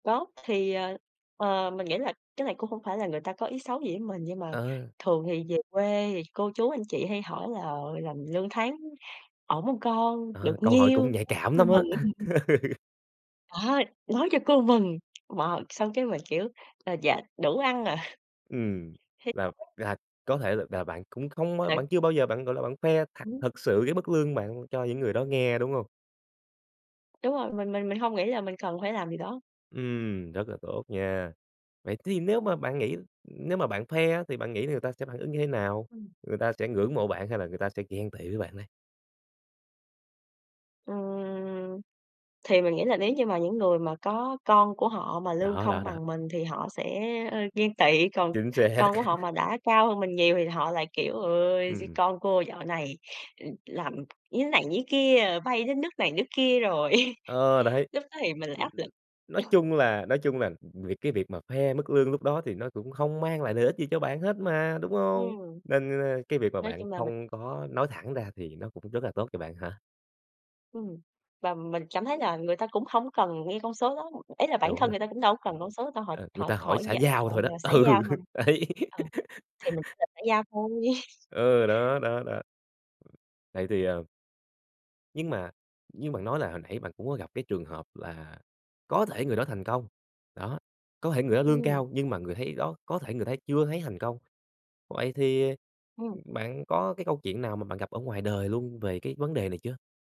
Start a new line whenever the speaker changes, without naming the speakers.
Có, thì, ờ, ờ, mình nghĩ là cái này cũng không phải là người ta có ý xấu gì với mình. Nhưng mà
Ờ.
thường thì về quê thì cô chú, anh chị hay hỏi là, ờ, "Làm lương tháng ổn hông con? Được
Ờ, câu hỏi
nhiêu?"
cũng nhạy cảm lắm á.
[unintelligible] À, nói cho cô mừng. Mà xong cái mình kiểu "À, dạ đủ ăn ạ."
Ừm,
Thì
là
[unintelligible]
là có thể là bạn cũng không, ơ bạn
[unintelligible]
chưa bao giờ bạn, gọi là, bạn khoe thặc
Hứm.
thực sự cái mức lương bạn cho những người đó nghe, đúng hông?
Đúng rồi, mình mình mình hông nghĩ là mình cần phải làm điều đó.
Ừm, rất là tốt nha. Vậy thì nếu mà bạn nghĩ nếu mà bạn khoe á, thì bạn nghĩ là người ta sẽ phản ứng như thế nào,
Ừm.
người ta sẽ ngưỡng mộ bạn hay là người ta sẽ ghen tị với bạn đây?
Ừm. Thì mình nghĩ là nếu như mà những người mà có con của họ mà lương
Đó,
không
đó, đó.
bằng mình, thì họ sẽ, ơ, ghen tị. Còn
Chính xác.
con của họ mà đã cao hơn mình nhiều, thì họ lại kiểu: "Ôi, d
Ừm.
con cô dạo này, ừm, làm như này như kia, ờ, bay đến nước này nước kia rồi."
Ờ, đấy.
Lúc đó thì mình lại
Ừm,
áp lực.
nói chung là nói chung là, ừm, việc cái việc mà khoe mức lương lúc đó thì nó cũng không mang lại lợi ích gì cho bạn hết mà, đúng hông?
Ừm.
Nên, ơ, cái việc mà
Nói
bạn
chung là mình
không có nói thẳng ra thì nó cũng rất là tốt cho bạn hả?
Ừm. Và mình cảm thấy là người ta cũng hổng cần nghe con số đó. Ý là bản
Đúng
thân
rồi.
người ta cũng đâu có cần con số đâu, họ
Ờ, người
họ
ta hỏi
hỏi
xã
vậy,
giao
ờ,
thôi đó.
rồi xã giao
Ừ,
thôi.
đấy.
Ờ, thì mình trả lời xã giao thôi.
Ừ, đó, đó, đó. Này thì, ờ Nhưng mà như bạn nói là hồi nãy bạn cũng có gặp cái trường hợp là có thể người đó thành công, đó, có thể người đó lương
Ừm.
cao, nhưng mà người thấy đó, có thể người thấy chưa thấy thành công. Vậy thì,
Ừm.
bạn có cái câu chuyện nào mà bạn gặp ở ngoài đời luôn về cái vấn đề này chưa?